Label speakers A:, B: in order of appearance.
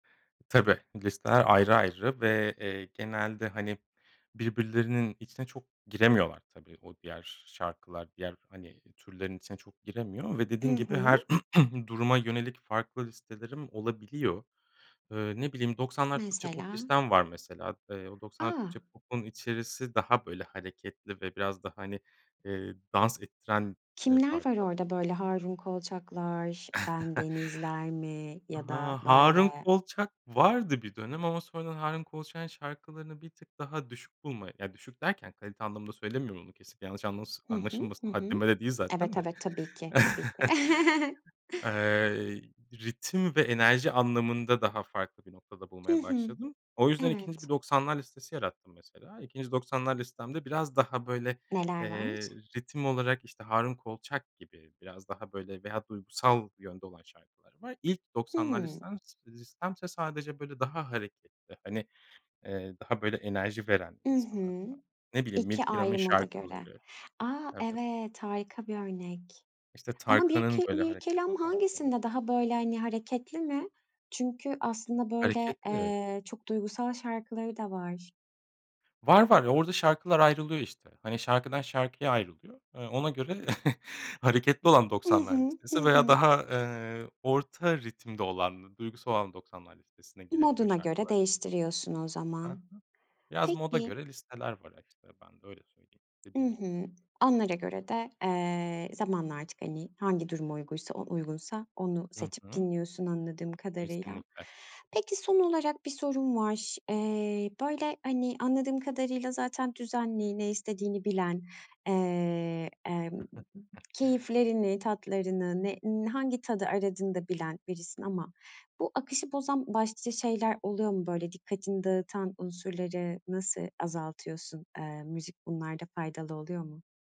A: Tabii, listeler ayrı ayrı ve, eee, genelde, hani, birbirlerinin içine çok giremiyorlar. Tabii, o diğer şarkılar diğer, hani, türlerin içine çok giremiyor ve
B: Hı
A: dediğin gibi
B: hı.
A: her duruma yönelik farklı listelerim olabiliyor. Iıı, ne bileyim 90'lar Türkçe pop
B: Mesela?
A: listem var mesela. Eee, o 90'lar
B: A!
A: Türkçe popun içerisi daha böyle hareketli ve biraz da, hani, eee, dans ettiren, eee,
B: Kimler var
A: parçal
B: orada, böyle, Harun Kolçaklar, Bendenizler mi, ya da,
A: Ha Harun
B: böyle?
A: Kolçak vardı bir dönem ama sonradan Harun Kolçak'ın şarkılarını bir tık daha düşük bulmaya ya düşük derken kalite anlamında söylemiyorum onu. Kesinlikle yanlış anlası
B: Hı hı.
A: anlaşılmasın
B: Hı hı.
A: haddime de değil zaten
B: Evet,
A: de.
B: evet, tabii ki, tabii ki.
A: Eee, ritim ve enerji anlamında daha farklı bir noktada
B: Hı
A: bulmaya
B: hı.
A: başladım. O yüzden 2.
B: Evet.
A: bir 90'lar listesi yarattım mesela. 2. 90'lar listemde biraz daha, böyle,
B: Neler var?
A: eee, ritim olarak, işte, Harun Kolçak gibi biraz daha, böyle, veya duygusal yönde olan şarkılar var. İlk 90'lar
B: Hımm.
A: listem s listemse, sadece, böyle, daha hareketli hani, eee, daha böyle enerji veren
B: I
A: insana
B: hı.
A: ne bileyim
B: 2
A: Mirkelam'ın
B: ayrı moda göre.
A: şarkıları.
B: A!
A: Evet.
B: Evet harika bir örnek.
A: İşte,
B: Ama
A: Tarkan'ın
B: Mirke
A: böyle hareketli
B: Mirkelam
A: parçaları.
B: hangisinde daha böyle, hani, hareketli mi? Çünkü aslında böyle,
A: Hareketli.
B: eee, çok duygusal şarkıları da var.
A: Var, var, ya orada şarkılar ayrılıyor, işte, hani, şarkıdan şarkıya ayrılıyor. Eee, ona göre hareketli olan
B: I
A: 90'lar
B: hı. Hı
A: listesi veya
B: hı.
A: daha, eee, orta ritimde olan duygusal olan 90'lar listesine girebiliyor
B: Moduna göre
A: şarkılar.
B: değiştiriyorsun o
A: Ha
B: zaman.
A: ha. Biraz moda
B: Peki.
A: göre listeler var, işte, ben de öyle söyleyeyim,
B: I
A: dediğim gibi.
B: hı. Onlara göre de, eee, zamanla artık, hani, hangi duruma uyguysa o uygunsa, onu
A: Hı
B: seçip
A: hı.
B: dinliyorsun anladığım kadarıyla.
A: Kesinlikle.
B: Peki, son olarak bir sorum var. Eee, böyle, hani, anladığım kadarıyla zaten düzenli, ne istediğini bilen, eee, emm, keyiflerini, tatlarını, ne, in hangi tadı aradığını da bilen birisin ama bu akışı bozan başlıca şeyler oluyor mu? Böyle, dikkatini dağıtan unsurları nasıl azaltıyorsun? Eee, müzik bunlarda faydalı oluyor mu?